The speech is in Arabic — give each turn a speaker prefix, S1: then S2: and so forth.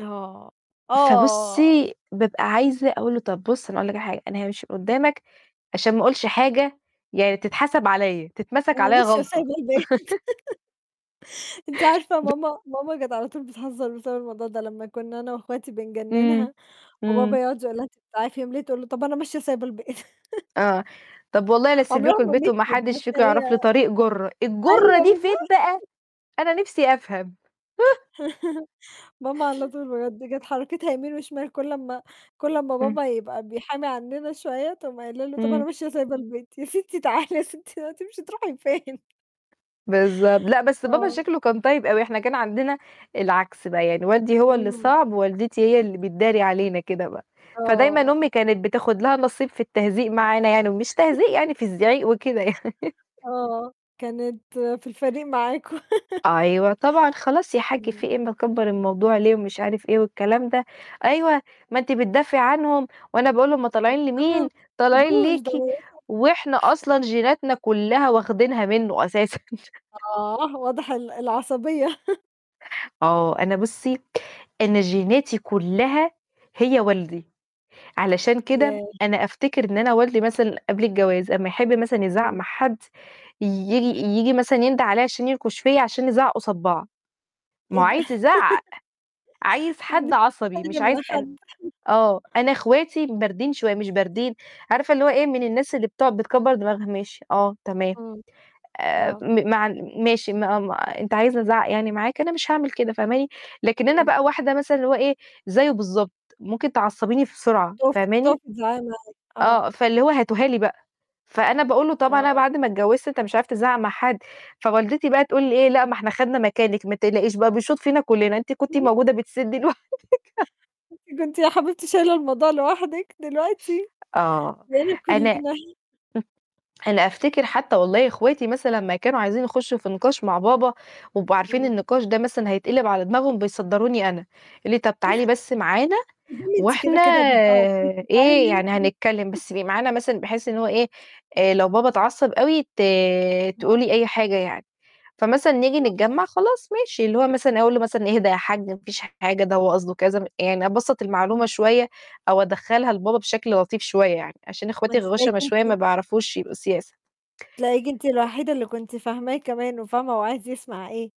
S1: آه، آه.
S2: فبُصّي بابقى عايزة أقول له: "طب بُص، أنا هاقول لك على حاجة، أنا هامشي من قدّامك عشان ما أقولش حاجة، يعني تتحسب عليّا، تتمسك
S1: "أنا
S2: عليّا
S1: ماشية
S2: غلطة."
S1: وسايبة البيت." أنتِ عارفة
S2: ب
S1: ماما ماما كانت على طول بتهزر بسبب الموضوع ده، لمّا كنا أنا وأخواتي
S2: امم،
S1: بنجننها، وبابا
S2: امم.
S1: يقعد يقول لها:"؟" [unintelligible] تقول له: "طب أنا ماشية وسايبة البيت"
S2: آه، "طب والله لأسيب
S1: عمرها
S2: لكم
S1: ما
S2: البيت،
S1: مشِيت،
S2: وما
S1: بس
S2: حدش فيكم
S1: هي
S2: هيعرف لي طريق جُرة." الجُرة
S1: أيوه،
S2: دي فين
S1: بالضبط.
S2: بقى؟ أنا نفسي أفهم.
S1: ماما على طول بجد، كانت حركتها يمين وشمال، كلّ أمّا كلّ أمّا
S2: امم.
S1: بابا يبقى بيحامي عننا شوية، تقوم قايلة له: "طب أنا
S2: امم.
S1: ماشية وسايبة البيت!" "يا ستي تعالي يا ستي، هتمشي تروحي فين؟"
S2: بالضبط، لأ، بس بابا
S1: آه.
S2: شكله كان طيب أوي، إحنا كان عندنا العكس بقى، يعني والدي هو اللي
S1: اهم.
S2: صعب، ووالدتي هي اللي بتداري علينا كده بقى، فدايمًا
S1: آه.
S2: أمي كانت بتاخد لها النصيب في التهزيق معانا يعني، ومش تهزيق يعني في الزعيق وكده يع
S1: آه، كانت في الفريق معاكم
S2: أيوه، طبعًا "خلاص يا حج في
S1: امم.
S2: إيه؟ مكبر الموضوع ليه؟" ومش عارف إيه، والكلام ده "أيوه، ما أنتِ بتدافعي عنهم وأنا باقول هُم طالعين لمين؟ طالعين ليكِ" وإحنا
S1: [unintelligible]
S2: أصلًا جيناتنا كلها واخدينها منه أساسًا.
S1: آه، واضح ال العصبية.
S2: آه، أنا بُصّي، أنا جيناتي كلّها هي والدي، علشان كده
S1: ياه!
S2: أنا أفتكر إن أنا والدي مثلًا قبل الجواز، أمّا يحب مثلًا يزعق
S1: امم.
S2: مع حد، ييجي ييجي مثلًا ينده عليّا عشان ينكش فيّا، عشان نزعق قصاد بعض، ما
S1: إيه
S2: هو
S1: ده!
S2: عايز يزعق، عايز حد عصبي، مش عايز أن
S1: [unintelligible]
S2: آه، أنا أخواتي باردين شوية مش باردين، عارفة اللي هو إيه؟ من الناس اللي بتقعد بتكبر دماغها. "ماشي." "آه." "تمام."
S1: امم
S2: آآ
S1: آه.
S2: م مع ماشي ما ما أنت عايزني أزعق يعني معاك، أنا مش هاعمل كده، فاهماني؟ لكن أنا
S1: امم.
S2: بقى واحدة مثلًا اللي هو إيه؟ زيه بالضبط ممكن تعصبيني بسرعة، فاهماني؟
S1: [unintelligible] آه.
S2: آه، فاللي هو هاتوها لي بقى، فأنا باقول له: "طبعًا أنا
S1: آه.
S2: بعد ما اتجوزت أنت مش عارف تزعق مع حد" فوالدتي بقى تقول إيه؟ "لأ، ما إحنا خدنا مكانِك، ما تقلقيش بقى بيشوط فينا كلّنا، أنتِ كنتِ
S1: [unintelligible]
S2: موجودة بتسدي لوحدِك."
S1: "ده أنتِ كنتِ يا حبيبتي شايلة الموضوع لوحدِك، دلوقتي
S2: آه،
S1: بقينا
S2: أنا
S1: كلّنا."
S2: أنا أفتكر حتى والله أخواتي مثلًا لمّا كانوا عايزين يخشوا في نقاش مع بابا، و يبقوا عارفين
S1: امم.
S2: النقاش ده مثلًا هيتقلب على دماغهم، بيصدروني أنا يقولوا لي: "طب تعالي بس معانا
S1: [unintelligible] أنتِ كده،
S2: وإحنا
S1: كده بيتزعق فيكِ،
S2: إيه،
S1: تعالي
S2: يعني
S1: أنتِ.
S2: هنتكلم، بس تبقي معانا مثلًا بحيث اللي هو إيه؟ آآ لو بابا اتعصب أوي، ت
S1: آه.
S2: تقولي أي حاجة يعني."فمثلًا نيجي
S1: آه.
S2: نتجمع خلاص ماشي اللي هو مثلًا أقول له مثلًا: "اهدى يا حج ما فيش حاجة، ده هو قصده كذا" يعني أبسّط المعلومة
S1: امم.
S2: شوية، أو أدخلها لبابا بشكل لطيف شوية يعني، عشان
S1: ما
S2: أخواتي
S1: أنتِ تلاقيكِ
S2: غُشَما شوية، ما
S1: أنتِ
S2: بيعرفوش يبقوا سياسة.
S1: تلاقيكِ أنتِ الوحيدة اللي كنتِ فاهماه كمان، وفاهمة هو عايز يسمع إيه.